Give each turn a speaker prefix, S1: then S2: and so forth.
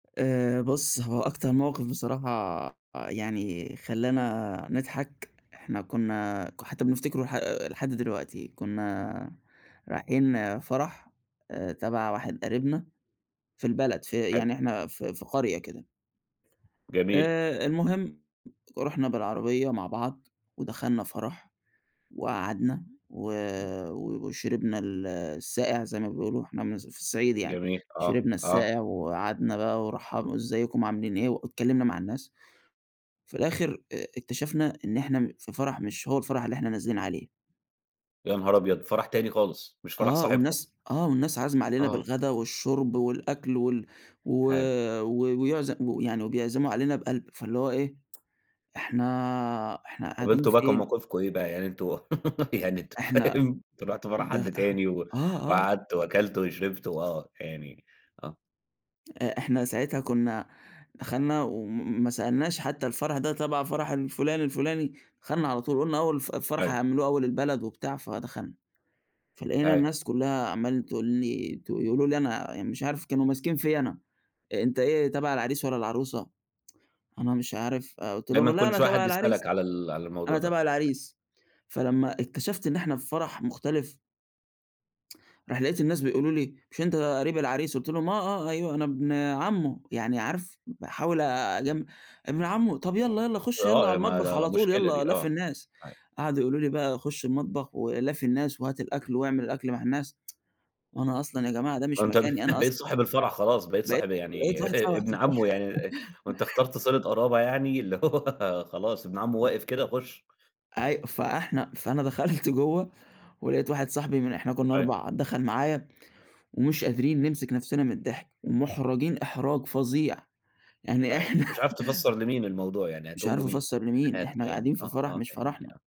S1: آآ بُص، هو أكتر موقِف بصراحة يعني خلّانا نضحك، إحنا كُنّا ك حتّى بنفتكره لح لحد دلوقتي. كُنّا رايحين فَرَح آآ تَبَع واحد قريبنا في البلد في
S2: حلو.
S1: يعني إحنا في في قرية كده.
S2: جميل.
S1: آآ المهم، رُحنا بالعربية مع بعض ودخلنا فَرَح وقعدنا و
S2: إمم.
S1: و وشربنا ال الساقع زي ما بيقولوا، إحنا من الص في الصعيد يعني،
S2: جميل. آه،
S1: شربنا
S2: آه.
S1: الساقع وقعدنا بقى ورَّحبوا "إزيكم، عاملين إيه؟" واتكلِّمنا مع الناس. في الآخِر آآ اكتشفنا إن إحنا م في فَرَح مش هو الفَرَح اللي إحنا نازلين عليه.
S2: يا نهار أبيض! فَرَح تاني خالص، مش فَرَح
S1: آه،
S2: صاحبكم.
S1: والناس آه، والناس عازمة علينا
S2: آه.
S1: بالغدا والشُرْب والأكل وال و
S2: حلو.
S1: و ويعز و يعني وبيعزموا علينا بقَلْب، فاللي هو إيه إحنا إحنا
S2: طَب
S1: قاعدين
S2: أنتم بقى كان
S1: فين؟
S2: موقفكم إيه بقى؟ يعني أنتم يعني أنتم
S1: إحنا
S2: فاهم، أنتم رُحتوا فَرَح
S1: ده
S2: حد تاني و
S1: آه، آه.
S2: وقعدتوا وأكلتوا وشربتوا وآه، يعني آه.
S1: آآ إحنا ساعتها كُنّا دخَلنا وم ما سألناش حتّى الفَرَح ده تَبَع فَرَح الفُلان الفُلاني، دخَلنا على طول، قُلنا أول الف الفَرَح
S2: أيوه.
S1: هيعملوه أول البلد وبتاع فدخَلنا، فلقينا
S2: أيوه.
S1: الناس كُلّها عمّالة تقول لي ت يقولوا لي أنا مش عارف كانوا ماسكين فيّا أنا: "أنت إيه تَبَع العريس والّا العروسة؟" أنا مش عارف، آآ قُلت
S2: دايمًا
S1: لهم: "لأ،
S2: كل
S1: أنا
S2: شوية حد
S1: تَبَع العريس،
S2: يسألك على ال على الموضوع
S1: أنا
S2: ده.
S1: تَبَع العريس.". فلمّا اكتشفت إن إحنا في فَرَح مختلف راح لقيت الناس بيقولوا لي: "مش أنت قريب العريس؟" قُلت لهم: "آه، آه، أيوه أنا ابن عمّه." يعني عارف باحاول أجم "ابن عمه، طَب يالّا، يالّا خُش يالّا على
S2: آه. ما
S1: المطبخ
S2: لا
S1: على طول
S2: مشكلة
S1: يالّا
S2: دي
S1: لافي
S2: آه.
S1: الناس."
S2: [unintelligible]
S1: قعدوا يقولوا لي بقى "خُش المطبخ ولافي الناس وهات الأكل واعمل الأكل مع الناس." وأنا أصلًا يا جماعة ده
S2: ده
S1: مش
S2: أنت ب
S1: مكاني أنا أصل
S2: بقيت صاحب الفَرَح خلاص، بقيت
S1: بقيت
S2: صاحب يعني
S1: بقيت
S2: ابن عمّه يعني وأنت اخترت صِلَة قرابة يعني
S1: [unintelligible]
S2: اللي هو خلاص ابن عمّه واقف كده خُش. أ
S1: أي فإحنا فأنا دخَلت جوّه ولقيت واحد صاحبي من إحنا كُنّا
S2: أيوه.
S1: 4، دخَل معايا، ومش قادرين نمسك نَفْسنا من الضحك ومُحرَجين إحراج فظيع. يعني
S2: أيوه.
S1: إحنا
S2: مش عارف تفسَّر لمين الموضوع يعني
S1: مش
S2: هتقول
S1: عارف
S2: له مين؟
S1: أفسَّر لمين، إحنا
S2: [unintelligible] يعني
S1: قاعدين في
S2: آه،
S1: فَرَح
S2: آه،
S1: مش
S2: فاهمني،
S1: فرحنا.
S2: آه.